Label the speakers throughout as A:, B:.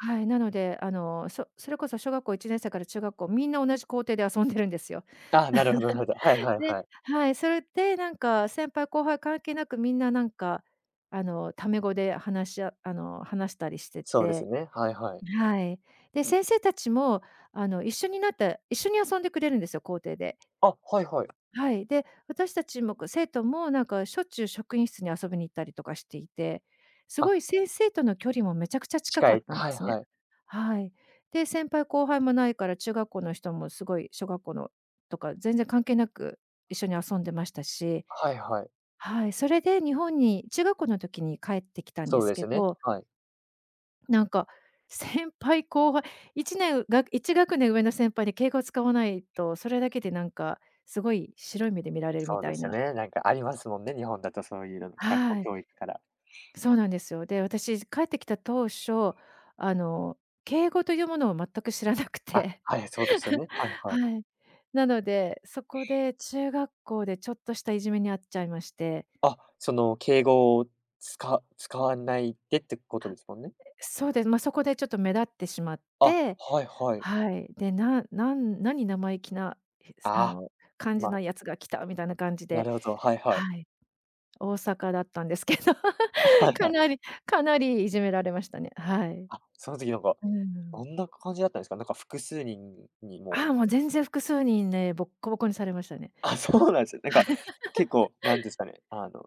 A: はい、なので、あの、そそれこそ小学校1年生から中学校、皆同じ校庭で遊んでるんですよ。
B: ああ、なるほどなるほど。はい はい
A: で、
B: はい。
A: はい、それでなんか、先輩、後輩、関係なく、皆なんか、あの、タメ語で話しああの、話したりして
B: そうです
A: て。
B: ね、はいはい。
A: はい。で、先生達も、あの、一緒になって一緒に遊んでくれるんですよ、校庭で
B: あ、はいはい。
A: はい、で、私達もこう、生徒もなんかしょっちゅう職員室に遊びに行ったりとかしていて、凄
B: あ
A: い先生との距離もめちゃくちゃ近
B: 近
A: かっ
B: い。
A: たんで
B: はい
A: すね。
B: はい。
A: はい。で、先輩、後輩もないから、中学校の人も凄い小学校のとか、全然関係なく一緒に遊んでましたし。
B: はいはい。
A: はい、それで日本に、中学校の時に帰ってきたんで
B: そう
A: す
B: で
A: け
B: すね、
A: ど
B: はい。
A: なんか先輩、後輩、1年が、1学年上の先輩に敬語を使わないと、それだけで何か凄い白い目で見られるみ
B: そうで
A: たい
B: すよ
A: な。
B: ね、なんかありますもんね、日本だとそう言うの、学校
A: はい。
B: 教育から。
A: そうなんですよ。で、私帰ってきた当初、あの、敬語と言うものを全く知らなく
B: あ、
A: て。
B: はい、そうですよ ね。はいはい。
A: はい。なので、そこで中学校でちょっとした、いじめに遭っちゃいまして。
B: あ、その敬語をつか使わないでって事ですもんね？
A: そうです、まあ、そこでちょっと目立ってしまっ
B: あ、
A: て、
B: はいはい。
A: はい、で、ななん何生意気な、あ
B: ああ、
A: の、感じ
B: ま
A: なやつが来たみたいな感じ
B: な
A: で、
B: るほど、はいはい。
A: はい。大阪だったんですけど、
B: あ、はい
A: か
B: はい。
A: なりかなり虐められましたね、はい。う
B: あ、その時なんか、
A: ー
B: ど
A: ん。
B: んな感じだったんですか？なんか複数人に
A: あ
B: もう
A: あ、もう全然複数人ね、ぼっこぼこにされましたね。
B: あ、そうなんすね。なんか、結 構なんですかね、あの、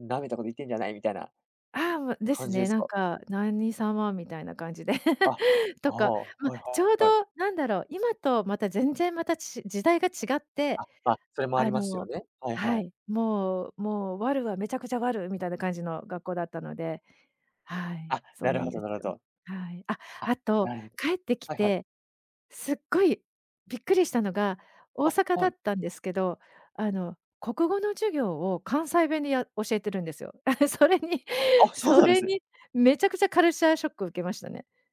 B: 「舐めたこと言ってんじゃない」みたいな
A: ああ、もう。で
B: 感
A: す
B: じで
A: ね。
B: す
A: なん
B: か？
A: か何様みたいな感じで、
B: あ、あ
A: とか
B: あ、は
A: ま
B: い
A: あ、ちょうど
B: はい。
A: 何だろう、今とまた全然、またち時代が違って、
B: あ、あ、それもあり
A: あ
B: ますよ
A: の
B: ね。はいは
A: は
B: い。
A: い、もうもうワルはめちゃくちゃワル、みたいな感じの学校だったので。はい、
B: あ、
A: そう
B: なる
A: なん
B: ほ
A: で
B: ど
A: す
B: なるほ
A: よ。
B: ど。
A: はい。あ、
B: あ、
A: あと
B: なるほど。
A: 帰ってき
B: はいはい。
A: て、すっごいびっくりしたのが、大
B: あ、
A: 阪だ
B: は
A: っ
B: い。
A: たんですけど、あの、国語の授業を関西弁で、や教えてるんですよ。それに
B: あ、そう
A: そ
B: なんで
A: れ
B: すね。
A: に、めちゃくちゃカルチャーショックを受けましたね。